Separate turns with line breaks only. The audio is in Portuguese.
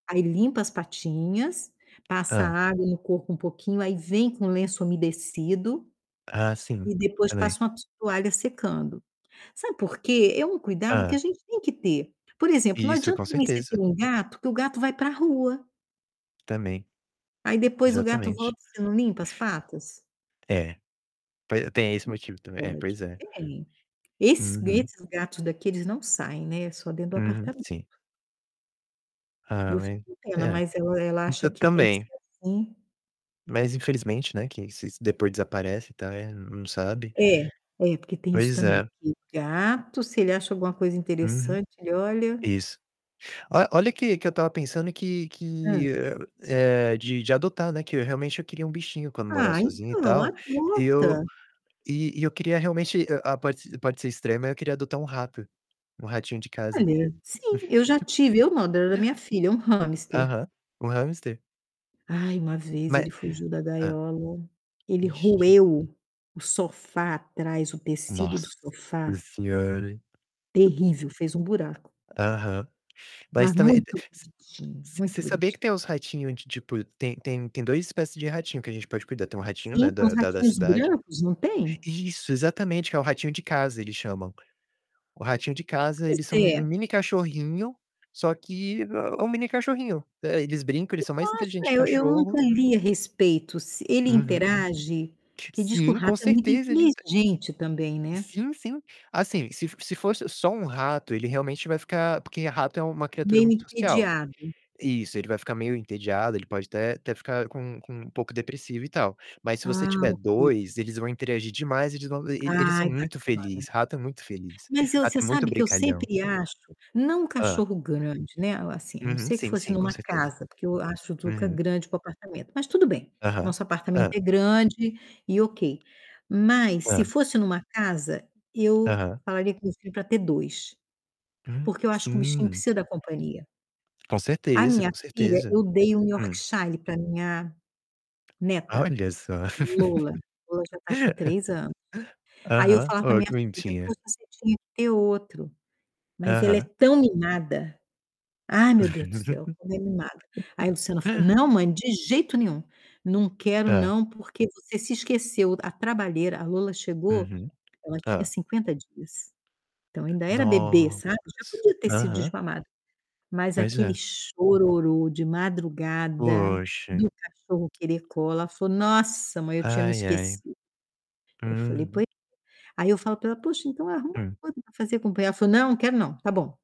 Aí limpa as patinhas, passa
Hã.
água no corpo um pouquinho, aí vem com lenço umedecido,
Ah, sim,
e
tá
depois
bem.
passa uma to toalha secando. Sabe por quê? É um cuidado que
Hã.
a gente tem que ter, por exemplo, não
Isso,
adianta
com
mais você ter
certeza.
1 gato que o gato vai para rua.
Também,
Aí depois o gato
exatamente.
volta, você não limpa as patas?
É, poi tem esse
Não
motivo também, é,
pode,
pois é.
tem Esses
Uhum.
gritos gatos daqui, eles não saem, né? É só dentro do
Uhum,
apartamento.
sim.
E
Ah,
eu fico
ué.
com pena,
É,
mas eu ela acha
tam
que tem que
também.
ser assim.
Mas infelizmente, né, que se depois desaparece e tal, eh, não sabe.
É, é, porque tem isso
Pois
também,
é.
que gato, se ele acha alguma coisa
Uhum.
interessante ele olha
Isso. Olha olha que que eu estava pensando que
Hã.
que, eh, eh, de de adotar, né, que eu realmente eu queria um bichinho quando morar
Ah,
sozinho e
então,
tal, e eu
adota.
e e eu queria realmente, ah, pode ser pode ser extrema eu queria adotar um rato, um ratinho de casa.
Olha. Sim, eu já tive eu não, da minha filha, um hamster.
Aham, um hamster.
Ai, uma vez
Ma
ele fugiu da
hã.
gaiola, ele
Ixi.
roeu o sofá atrás o tecido do
Nossa
sofá
senhora.
terrível, fez um buraco.
Aham. Mas
Mas
também e te
muito
você
bonitinho,
você você
muito
sabia que
boniti
tem uns ratinho de, tipo, tem tem tem 2 espécie de ratinho que a gente pode cuidar, tem um ratinho, né,
Sim, é
da
uns
da da
ratinhos
cidade
brancos, não tem?
Isso! Exatamente, é o ratinho de casa eles chamam. O ratinho de casa,
Pois
eles são um
é.
um mini cachorrinho, só que é é um mini cachorrinho, eh, eles brincam, eles
Eu
são
só
mais
acho
inteligente que
é eu eu
cachorro
nunca li a respeito se ele
Uhum.
interage?
que
que diz que
sim,
rato
com
é muito
certeza ele enten
inteligente também, né?
Sim, sim. Assim, se se fosse só um rato ele realmente vai ficar porque rato é uma criatura
Meio
muito social
entediado.
isso, ele vai ficar meio entediado, ele pode até até ficar com com um pouco depressivo e tal, mas se você
Ah, ok.
2, eles vão interagir demais, eles vão e eles são
Ai,
muito
bacana.
feliz, rato é muito feliz,
Mas eu
rato
você
é muito
sabe que eu
brincalhão.
sempre acho, não um
Hã.
cachorro grande, né, assim, a não
Uhum,
ser que fosse
sim, com
numa
certeza.
casa porque eu acho o Zuca
Uhum.
grande para o apartamento, mas tudo bem,
Aham,
nosso apartamento
hã.
é grande, e ok. Mas se
Hã.
fosse numa casa, eu
Aham.
falaria com meu filho pra ter 2,
Hã,
porque eu acho que o bichinho
sim.
precisa da companhia.
Com
A
certeza,
minha
com
filha
certeza.
eu dei um
Hum.
Yorkshire pra minha neta,
Olha só.
a Lola, Lola já tá com 3 anos. Aí, eu
Aham,
falava para
ó
minha
que
filha:
bonitinha.
"Poxa, você tinha que ter outro". Mas ela é
Aham.
tão mimada, ai, meu Deus do céu, como é mimada. Aí Luciana falou: "Não mãe, de jeito nenhum. Não quero
Tá.
não, porque você se esqueceu, a trabalheira" A Lola chegou,
Uhum.
ela tinha
Hã.
50 dias. Então ainda era bebê,
Nossa,
sabe. Já podia ter sido
aham.
desmamada, mas
Pois
aquele
é.
chororô de madrugada,
Poxa.
do cachorro querer cola, falou: "Nossa, mãe, eu tinha me
Aí, aí.
esquecido", eu falei: "Poi".
Uhum.
Aí, eu falo pra ela: "Poxa, então, arruma
Hum.
outra para fazer companhia". Ela falou: "Não quero não, tá bom".